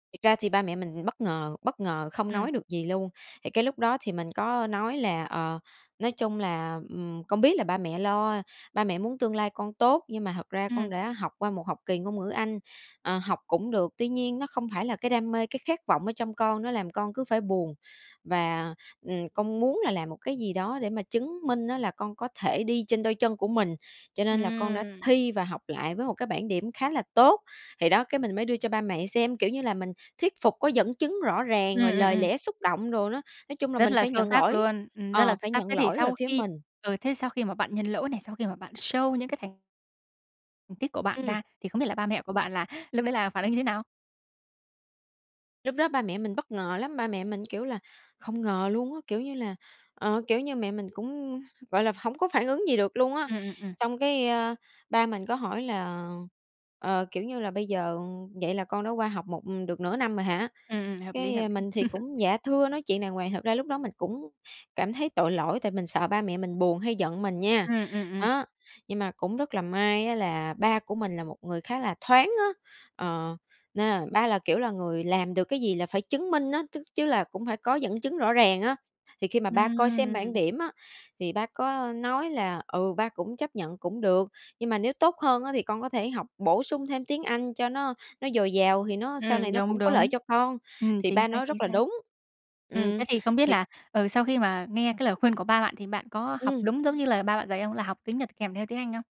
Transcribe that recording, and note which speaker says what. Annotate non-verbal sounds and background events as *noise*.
Speaker 1: Thật ra thì ba mẹ mình bất ngờ, bất ngờ không
Speaker 2: Ừm.
Speaker 1: nói được gì luôn. Thì cái lúc đó thì mình có nói là "Ờ, nói chung là, ừm, con biết là ba mẹ lo, ba mẹ muốn tương lai con tốt, nhưng mà thật ra con
Speaker 2: Ừm.
Speaker 1: đã học qua một học kỳ ngôn ngữ anh, ờ, học cũng được, tuy nhiên nó không phải là cái đam mê, cái khát vọng ở trong con, nó làm con cứ phải buồn và, ừm, con muốn là làm một cái gì đó để mà chứng minh á là con có thể đi trên đôi chân của mình, cho nên là con đã
Speaker 2: Ừm!
Speaker 1: thi và học lại với một cái bảng điểm khá là tốt". Thì đó, cái mình mới đưa cho ba mẹ xem, kiểu như là, mình thuyết phục có dẫn chứng rõ
Speaker 2: Ừm,
Speaker 1: ràng, rồi
Speaker 2: ừm,
Speaker 1: lời
Speaker 2: ừm.
Speaker 1: lẽ xúc động đồ đó. Nói chung là
Speaker 2: Rất
Speaker 1: mình
Speaker 2: là
Speaker 1: phải
Speaker 2: sâu
Speaker 1: nhận
Speaker 2: sắc
Speaker 1: lỗi,
Speaker 2: luôn, ừm, rất là
Speaker 1: ờ,
Speaker 2: sâu
Speaker 1: phải
Speaker 2: sắc. Thế
Speaker 1: nhận
Speaker 2: thì
Speaker 1: lỗi về
Speaker 2: sau
Speaker 1: phía
Speaker 2: khi
Speaker 1: mình.
Speaker 2: ờ, thế sau khi mà bạn nhận lỗi này, sau khi mà bạn show những cái thành tích của bạn
Speaker 1: Ừm.
Speaker 2: ra thì không biết là ba mẹ của bạn là lúc đấy là phản ứng như thế nào?
Speaker 1: Lúc đó ba mẹ mình bất ngờ lắm, ba mẹ mình, kiểu là, không ngờ luôn á, kiểu như là, ờ, kiểu như, mẹ mình cũng, gọi là, hổng có phản ứng gì được luôn á.
Speaker 2: Ừm, ừm, ừm.
Speaker 1: Xong cái, ơ, ba mình có hỏi là, ờ, kiểu như là "Bây giờ vậy là con đã qua học một được nửa năm rồi hả?".
Speaker 2: Ừm, ừm, hợp lý, hợp
Speaker 1: Cái
Speaker 2: lý.
Speaker 1: mình thì
Speaker 2: *chuckles*
Speaker 1: cũng, "dạ thưa" nói chuyện đàng hoàng, thật ra lúc đó mình cũng cảm thấy tội lỗi tại mình sợ ba mẹ mình buồn hay giận mình nha.
Speaker 2: Ừm, ừm, ừm.
Speaker 1: Đó, nhưng mà cũng rất là may á là ba của mình là một người khá là thoáng á, ờ, nên là ba là, kiểu là, người làm được cái gì là phải chứng minh á, chức chứ là cũng phải có dẫn chứng rõ ràng á. Thì khi mà ba coi xem bảng
Speaker 2: Ừm.
Speaker 1: điểm á, thì ba có nói là "Ừ, ba cũng chấp nhận cũng được, nhưng mà nếu tốt hơn á thì con có thể học bổ sung thêm tiếng Anh cho nó nó dồi dào thì nó sau này
Speaker 2: Ừm,
Speaker 1: nó
Speaker 2: đúng,
Speaker 1: cũng có lợi
Speaker 2: đúng.
Speaker 1: cho con",
Speaker 2: Ừm,
Speaker 1: thì
Speaker 2: chính
Speaker 1: ba
Speaker 2: xác,
Speaker 1: nói
Speaker 2: chính
Speaker 1: rất là
Speaker 2: xác.
Speaker 1: đúng.
Speaker 2: Ừm,
Speaker 1: Ừm,
Speaker 2: thế thì không biết
Speaker 1: thì
Speaker 2: là, ờ, sau khi mà nghe cái lời khuyên của ba bạn thì bạn có học
Speaker 1: Ừm.
Speaker 2: đúng giống như lời ba bạn dạy không? Là học tiếng Nhật kèm theo tiếng Anh không?